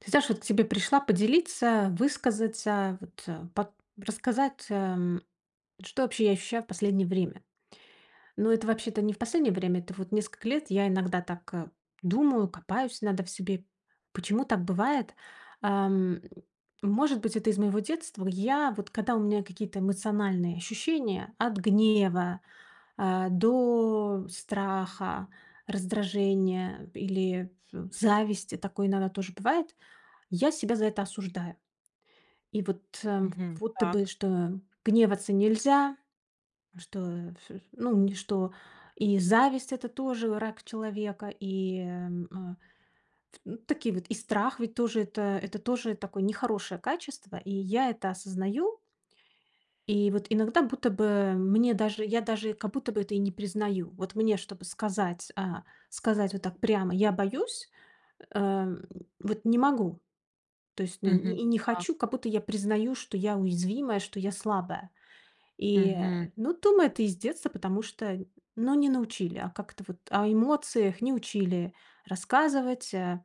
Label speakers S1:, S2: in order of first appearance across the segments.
S1: Ты знашь, вот к тебе пришла поделиться, высказаться, вот под рассказать, эм, что вообще я ощущаю в последнее время. Но это вообще-то не в последнее время, это вот несколько лет. Я иногда так думаю, копаюсь иногда в себе. Почему так бывает? Эм, может быть, это из моего детства? Я, вот, когда у меня какие-то эмоциональные ощущения: от гнева, э, до страха, раздражения или ф зависти, такое иногда тоже бывает. И я себя за это осуждаю. И вот, э,
S2: Мгм.
S1: будто бы,
S2: Так.
S1: что гневаться нельзя, что, ф ну, ни что и зависть- это тоже враг человека, и, эм, э, ф такие вот. И страх ведь тоже- это это тоже такое нехорошее качество, и я это осознаю. И вот иногда, будто бы, мне даже я даже, как будто бы, это и не признаю. Вот мне, чтобы сказать э, сказать вот так прямо: "Я боюсь", эм, вот не могу. То есть, но и
S2: Мгм.
S1: не
S2: Так.
S1: хочу, как будто я признаю, что я уязвимая, что я слабая. И,
S2: Мгм.
S1: э, ну, думаю, это из детства, потому что, ну, не научили, а, как-то вот о эмоциях не учили рассказывать, э,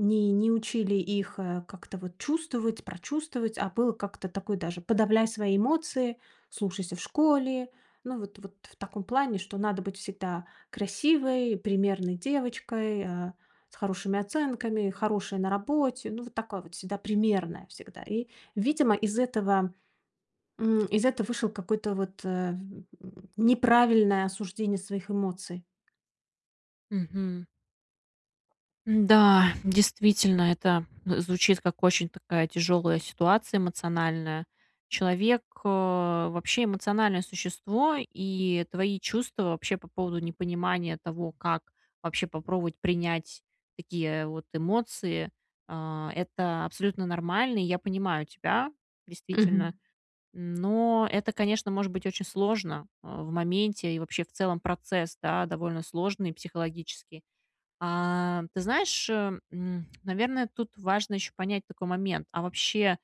S1: не не учили их как-то вот чувствовать, прочувствовать, а было как-то такое даже: подавляй свои эмоции, слушайся в школе. Ну вот вот в таком плане, что надо быть всегда красивой, примерной девочкой, э, с хорошими оценками, хорошая на работе. Ну, вот такое вот всегда примерная, всегда. И, видимо, из этого м, из это вышел какой-то вот, э, в н неправильное осуждение своих эмоций.
S2: Мгм. М-да, действительно, это звучит, как очень такая тяжёлая ситуация эмоциональная. Человек, э, вообще эмоциональное существо, и твои чувства вообще по поводу непонимания того, как вообще попробовать принять такие вот эмоции, а, это абсолютно нормально. И я понимаю тебя,
S1: Мгм.
S2: действительно. Но это, конечно, может быть очень сложно, э, в моменте, и вообще в целом процесс, да, довольно сложный психологически. А, ты знаешь, э, м, наверное, тут важно ещё понять такой момент, а вообще,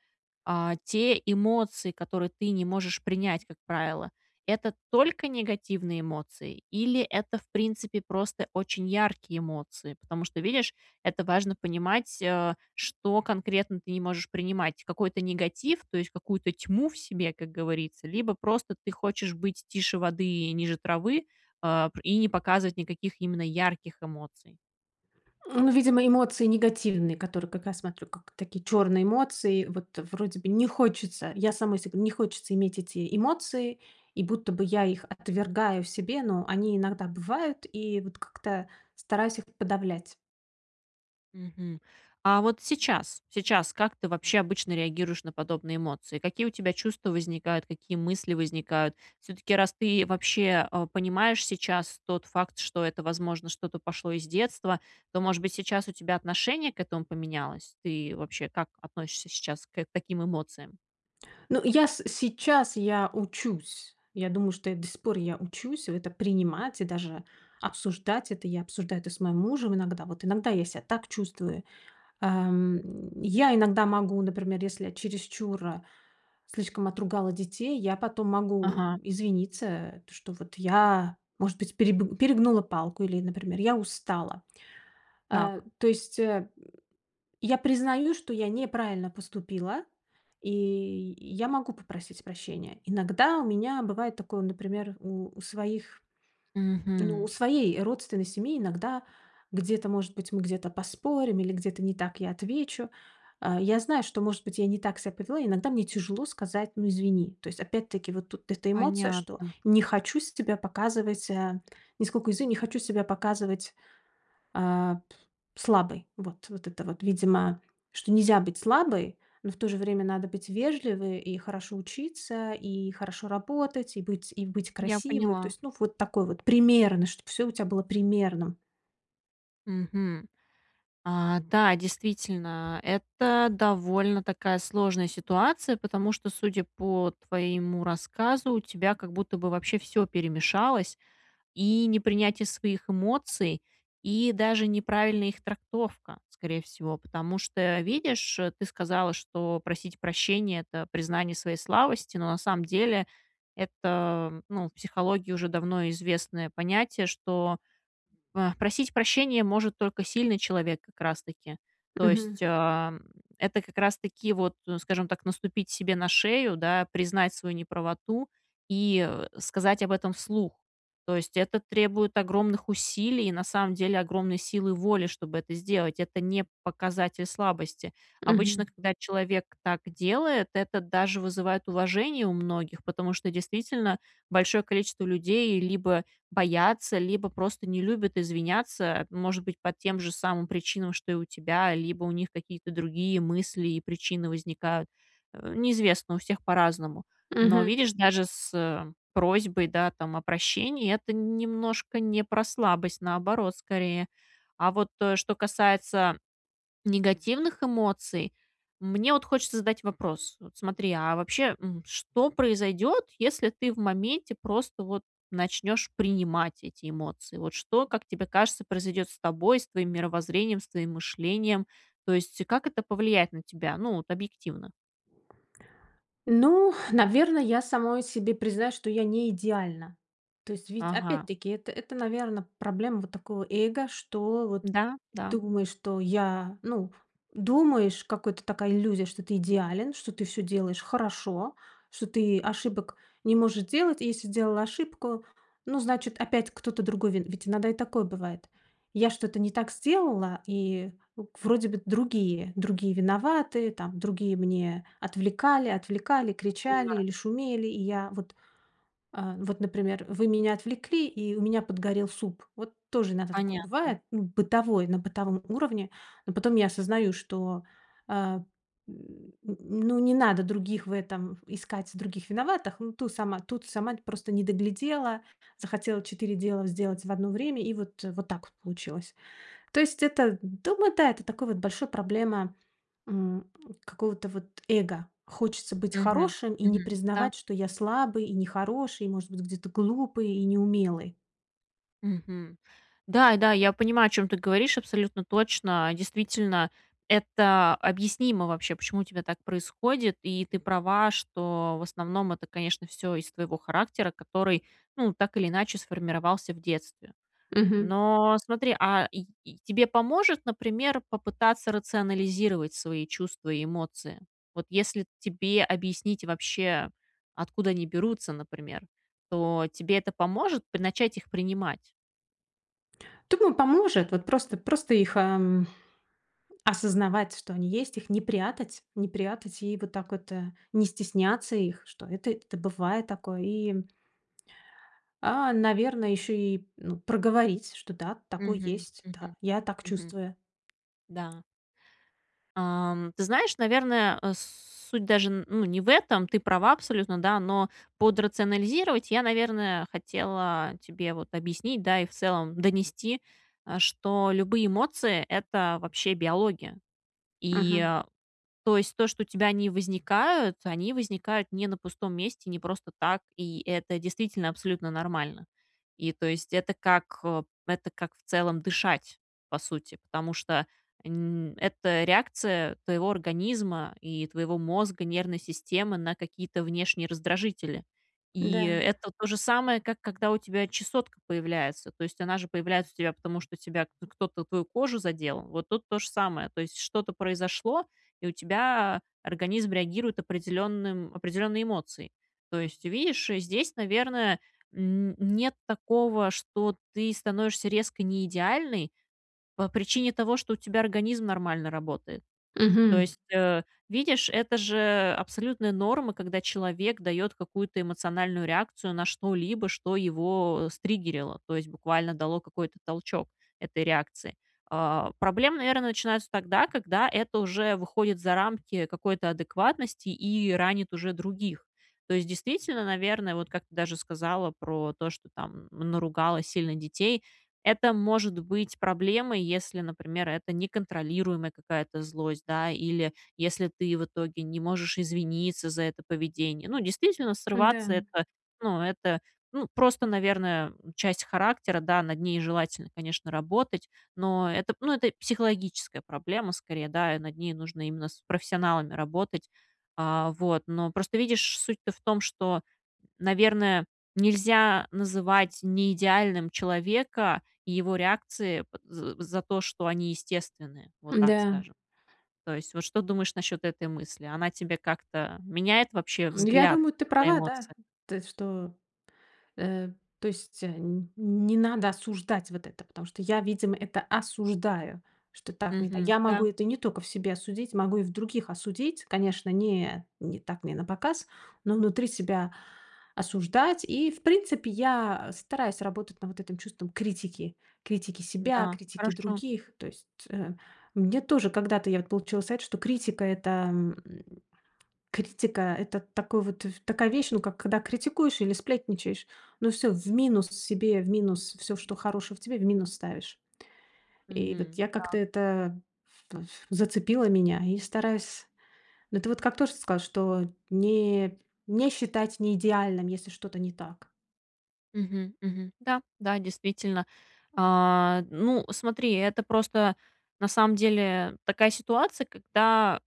S2: а, те эмоции, которые ты не можешь принять, как правило, это только негативные эмоции, или это, в принципе, просто очень яркие эмоции? Потому что, видишь, это важно понимать, э, что конкретно ты не можешь принимать, какой-то негатив, то есть, какую-то тьму в себе, как говорится, либо просто ты хочешь быть тише воды и ниже травы, э, п и не показывать никаких именно ярких эмоций.
S1: Ну, видимо эмоции негативные, которые как раз смотрю, как такие черные эмоции. Вот, вроде бы, не хочется, я самой се не хочется иметь эти эмоции, и будто бы я их отвергаю в себе, но они иногда бывают, и вот как-то стараюсь их подавлять.
S2: Мгм. А, вот сейчас, сейчас как ты вообще обычно реагируешь на подобные эмоции? Какие у тебя чувства возникают, какие мысли возникают? Всё-таки, раз ты вообще, а, понимаешь сейчас тот факт, что это, возможно, что-то пошло из детства, то, может быть, сейчас у тебя отношение к этому поменялось? Ты вообще, как относишься сейчас к таким эмоциям?
S1: Ну, я с сейчас я учусь. Я думаю, что я, до сих пор я учусь это принимать, и даже обсуждать это. Я обсуждаю это с моим мужем иногда. Вот иногда я ся так чувствую, ам. Я иногда могу, например, если я чересчур слишком отругала детей, я потом могу
S2: Ага.
S1: извиниться, что вот я, может быть, переб перегнула палку или, например, я устала. Э,
S2: Так.
S1: то есть, э, я признаю, что я неправильно поступила, и я могу попросить прощения. Иногда у меня бывает такое, например, у у своих ну, у
S2: Мгм.
S1: своей родственной семьи, иногда где-то может быть, мы где-то поспорим, или где-то не так я отвечу. А, я знаю, что может быть, я не так ся повела, иногда мне тяжело сказать: "Ну, извини". То есть опять-таки вот тут эта эмоция, что
S2: Понятно.
S1: не хочу с себя показывать, э, нисколько не хочу себя показывать, а, п слабой. Вот. Вот это вот, видимо, что нельзя быть слабой, но в то же время надо быть вежливой и хорошо учиться, и хорошо работать, и быть и быть
S2: Я
S1: красивой. То
S2: поняла.
S1: есть, ну, вот такой вот, примерно, чтобы всё у тебя было примерным.
S2: Мгм. А, да, действительно, это довольно такая сложная ситуация, потому что, судя по твоему рассказу, у тебя, как будто бы, вообще всё перемешалось. И непринятие своих эмоций, и даже неправильная их трактовка, скорее всего, потому что, видишь, ты сказала, что просить прощения- это признание своей слабости, но на самом деле это, ну, в психологии уже давно известное понятие, что, а, просить прощения может только сильный человек, как раз таки, то
S1: Мгм.
S2: есть, а, это как раз таки вот, скажем так, наступить себе на шею, да, признать свою неправоту, и сказать об этом вслух. То есть, это требует огромных усилий, и на самом деле, огромной силы воли, чтобы это сделать. Это не показатель слабости. Обычно,
S1: Мгм.
S2: когда человек так делает, это даже вызывает уважение у многих, потому что, действительно, большое количество людей либо боятся, либо просто не любят извиняться, может быть, по тем же самым причинам, что и у тебя, либо у них какие-то другие мысли и причины возникают. Э, неизвестно, у всех по-разному. Но,
S1: Мгм.
S2: видишь, даже с просьбой, да, там о прощении- это немножко не про слабость, наоборот, скорее. А вот что касается негативных эмоций, мне вот хочется задать вопрос: вот смотри, а вообще, м, что произойдёт, если ты в моменте просто вот начнёшь принимать эти эмоции? Вот что, как тебе кажется, произойдёт с тобой, с твоим мировоззрением, с твоим мышлением? То есть, как это повлияет на тебя, ну, вот объективно?
S1: Ну, наверно, я самой себе признаюсь, что я не идеальна. То есть, ведь,
S2: Ага.
S1: опять-таки, это, это наверно, проблема вот такого эго, что вот
S2: Да, да.
S1: думаешь, что я, ну, думаешь, какой-то такая иллюзия, что ты идеален, что ты всё делаешь хорошо, что ты ошибок не можешь делать, и если сделала ошибку, ну, значит, опять кто-то другой ви Ведь иногда и такое бывает. Я что-то не так сделала, и вроде бы другие другие виноваты, там другие мне отвлекали, отвлекали, кричали
S2: Понимаю.
S1: или шумели, и я вот, а, вот, например, вы меня отвлекли, и у меня подгорел суп. Вот тоже иногда такое
S2: Понятно.
S1: бывает, ну, бытовой, на бытовом уровне. Но потом я осознаю, что, э, н н ну, не надо других в этом искать, других виноватых. Ну, ту сама тут сама, просто не доглядела, захотела 4 дела сделать в одно время, и вот, вот так вот получилось. То есть это дома, да, это такой вот большой проблема, м, какого-то вот эго. Хочется быть
S2: Мгм.
S1: хорошим и не
S2: Мгм, да.
S1: признавать, что я слабый и нехороший, может быть, где-то глупый и неумелый.
S2: Мгм. Да, да, я понимаю, о чём ты говоришь, абсолютно точно. Действительно, это объяснимо вообще, почему у тебя так происходит, и ты права, что в основном это, конечно, всё из-за твоего характера, который, ну, так или иначе, сформировался в детстве.
S1: Мгм.
S2: Но смотри, а, и и тебе поможет, например, попытаться рационализировать свои чувства и эмоции? Вот если тебе объяснить вообще, откуда они берутся, например, то тебе это поможет п начать их принимать?
S1: Думаю, поможет, вот, просто просто их, эм, осознавать, что они есть. Их не прятать не прятать. И вот так вот, э, не стесняться их, что это это бывает такое и А, наверно, ещё и, ну, проговорить, что да, такое
S2: Мгм,
S1: есть,
S2: мгм,
S1: да, я так
S2: мгм.
S1: чувствую.
S2: Да. Ам ты знаешь, наверное, э, с суть даже, н ну, не в этом, ты права абсолютно, да, но под "рационализировать" я, наверное, хотела тебе, вот, объяснить, да, и в целом донести, что любые эмоции- это вообще биология,
S1: Мгм.
S2: и, то есть то, что у тебя они возникают, они возникают не на пустом месте, не просто так, и это действительно абсолютно нормально. И, то есть, это как, это как, э, в целом дышать, по сути, потому что н это реакция твоего организма и твоего мозга, нервной системы на какие-то внешние раздражители. И
S1: Да.
S2: это то же самое, как когда у тебя чесотка появляется. То есть, она же появляется у тебя, потому что у тебя кто-то твою кожу задел, вот тут то же самое, то есть что-то произошло, и у тебя организм реагирует определенным определенной эмоцией. То есть, видишь, здесь, наверное, н нет такого, что ты становишься резко неидеальной по причине того, что у тебя организм нормально работает. То
S1: Мгм.
S2: есть, э, видишь, это же абсолютная норма, когда человек дает какую-то эмоциональную реакцию на что-либо, что его стриггерило, то есть, буквально дало какой-то толчок этой реакции. Э, проблемы, наверно, начинаются тогда, когда это уже выходит за рамки какой-то адекватности, и ранит уже других. То есть, действительно, наверно, вот, как ты даже сказала про то, что, там, наругала сильно детей, это может быть проблемой, если, например, это неконтролируемая какая-то злость, да, или если ты в итоге не можешь извиниться за это поведение. Ну, действительно, срываться-
S1: Да.
S2: это, ну это, ну просто, наверное, часть характера. Да, над ней желательно, конечно, работать, но это, ну это психологическая проблема, скорее, да, и над ней нужно именно с профессионалами работать, э, вот. Но просто, видишь, суть-то в том, что, наверное, нельзя называть неидеальным человека, и его реакции п з за то, что они естественны, вот так
S1: Да.
S2: скажем. То есть, вот что думаешь насчет этой мысли? Она тебе как-то меняет вообще
S1: Ну я
S2: взгляд
S1: думаю, ты
S2: на
S1: права, да.
S2: эмоции?
S1: То есть что Э, то есть н не надо осуждать вот это, потому что я, видимо, это осуждаю, что так не та
S2: Мгм,
S1: Я могу
S2: да.
S1: это не только в себе осудить, могу и в других осудить. Конечно, не не так, не напоказ, но внутри себя, осуждать. И, в принципе, я стараюсь работать на вот этим чувством критики. Критики себя,
S2: Да,
S1: критики
S2: хорошо.
S1: других. То есть, э, мне тоже когда-то вот я получила совет, что критика это, м, критика это такой вот в такая вещь, ну как когда критикуешь или сплетничаешь, ну всё в минус себе, в минус всё, что хорошего в тебе, в минус ставишь. И, вот,
S2: Мгм,
S1: я как-то
S2: так.
S1: это ф ф зацепило меня, и стараюсь Ну это вот как тоже ты сказала, что не не считать неидеальным, если что-то не так.
S2: Мгм, мгм. Да, да, действительно. Э, ну смотри, это просто, на самом деле, такая ситуация, когда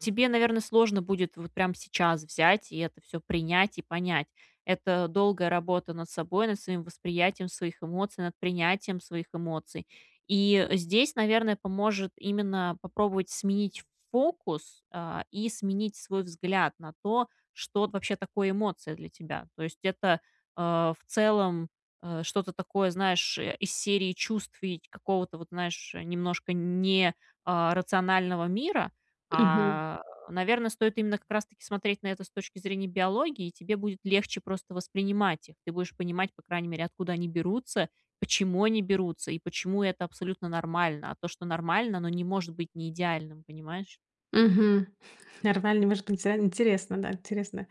S2: тебе, наверно, сложно будет вот прям сейчас взять, и это всё принять и понять. Это долгая работа над собой, над своим восприятием своих эмоций, над принятием своих эмоций. И здесь, наверное, поможет именно попробовать сменить фокус, э, и сменить свой взгляд на то, что вообще такое эмоция для тебя. То есть, это, э, в целом, э, что-то такое, знаешь, из серии чувств и ч какого-то вот, знаешь, немножко не, э, рационального мира,
S1: Мгм.
S2: э, наверно, стоит именно как раз таки смотреть на это с точки зрения биологии, и тебе будет легче просто воспринимать их, ты будешь понимать, по крайней мере, откуда они берутся, почему они берутся, и почему это абсолютно нормально. А то, что нормально, оно не может быть неидеальным. Понимаешь?
S1: Мгм. Нормально, может быть, не знаю. Интересно, да, интересно.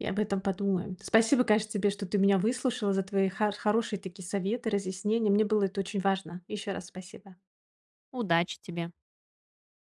S1: Я об этом подумаю. Спасибо, конечно, тебе, что ты меня выслушала за твои хар хорошие такие советы, разъяснения. Мне было это очень важно. Ещё раз спасибо.
S2: Удачи тебе!